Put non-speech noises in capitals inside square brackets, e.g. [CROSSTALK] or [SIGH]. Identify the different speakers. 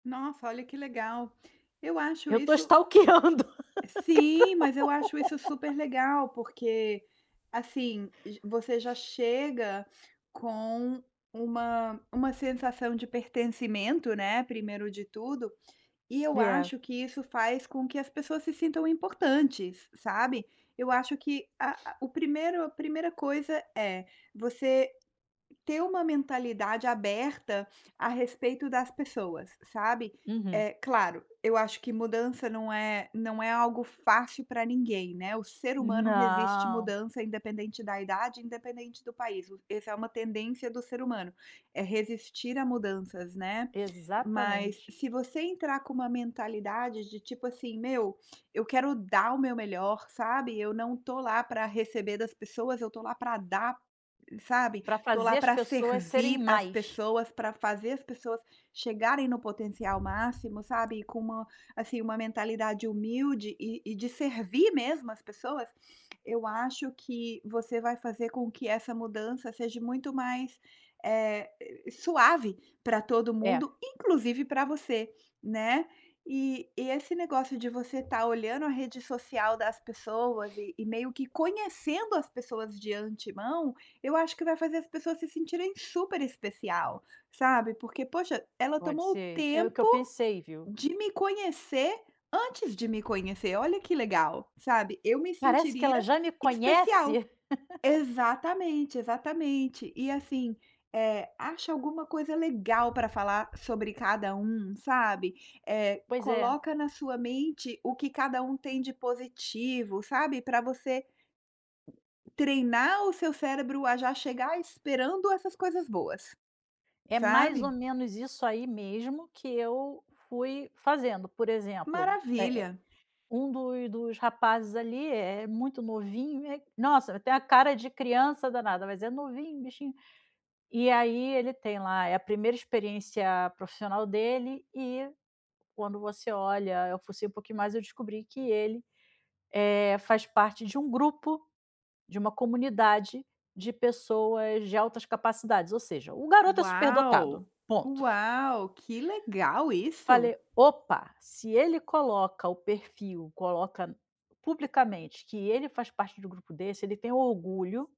Speaker 1: Nossa, olha, que legal! Eu acho
Speaker 2: Eu estou
Speaker 1: isso
Speaker 2: stalkeando cada um.
Speaker 1: Sim, mas eu acho isso super
Speaker 2: [LAUGHS]
Speaker 1: legal. Porque assim, você já chega com uma uma sensação de pertencimento, né, primeiro de tudo, e eu
Speaker 2: É.
Speaker 1: acho que isso faz com que as pessoas se sintam importantes, sabe. Eu acho que a a o primeiro a primeira coisa é você ter uma mentalidade aberta a respeito das pessoas, sabe.
Speaker 2: Uhum.
Speaker 1: É claro, eu acho que mudança não é não é algo fácil pra ninguém, né, o ser humano resiste
Speaker 2: Não.
Speaker 1: mudança independente da idade, independente do país, esse é uma tendência do ser humano, é resistir a mudanças, né. Mas,
Speaker 2: Exatamente.
Speaker 1: se você entrar com uma mentalidade de, tipo assim: "Meu, eu quero dar o meu melhor, sabe, eu não estou lá para receber das pessoas, eu estou lá para dar, sabe.
Speaker 2: Pra
Speaker 1: Estou lá
Speaker 2: fazer as
Speaker 1: para
Speaker 2: pessoas serem
Speaker 1: servir as
Speaker 2: mais.
Speaker 1: pessoas, pra fazer as pessoas chegarem no potencial máximo, sabe." E com uma assim, uma mentalidade humilde e e de servir mesmo as pessoas, eu acho que você vai fazer com que essa mudança seja muito mais, eh, suave para todo
Speaker 2: É.
Speaker 1: mundo, inclusive para você, né. E e esse negócio de você tá olhando a rede social das pessoas e e meio que conhecendo as pessoas de antemão, eu acho que vai fazer as pessoas se sentirem super especial, sabe. Porque: "Poxa, ela
Speaker 2: Pode
Speaker 1: tomou o
Speaker 2: ser. É o que eu
Speaker 1: tempo
Speaker 2: pensei, viu.
Speaker 1: de me conhecer antes de me conhecer! Olha que legal!" Sabe, eu me
Speaker 2: Parece que ela
Speaker 1: sentiria
Speaker 2: já me
Speaker 1: especial.
Speaker 2: conhece. [LAUGHS]
Speaker 1: Exatamente, exatamente. E, assim, eh, acha alguma coisa legal para falar sobre cada um, sabe, eh,
Speaker 2: Pois é.
Speaker 1: coloca na sua mente o que cada um tem de positivo, sabe, para você treinar o seu cérebro a já chegar esperando essas coisas boas,
Speaker 2: É mais ou
Speaker 1: sabe.
Speaker 2: menos isso aí mesmo que eu fui fazendo. Por exemplo, eh eh,
Speaker 1: Maravilha.
Speaker 2: um do dos rapazes ali é-é muito novinho, nossa, eh, tem a cara de criança danada, mas é novinho, bichinho. E aí, ele tem lá é a primeira experiência profissional dele e quando você olha eu fucei um pouquinho mais, eu descobri que ele, eh, faz parte de um grupo, de uma comunidade, de pessoas de altas capacidades, ou seja, o garoto é superdotado,
Speaker 1: Uau,
Speaker 2: ponto.
Speaker 1: uau, que legal isso!
Speaker 2: Falei:
Speaker 1: e
Speaker 2: "Opa, se ele coloca o perfil, coloca publicamente que ele faz parte de um grupo desse, ele tem orgulho"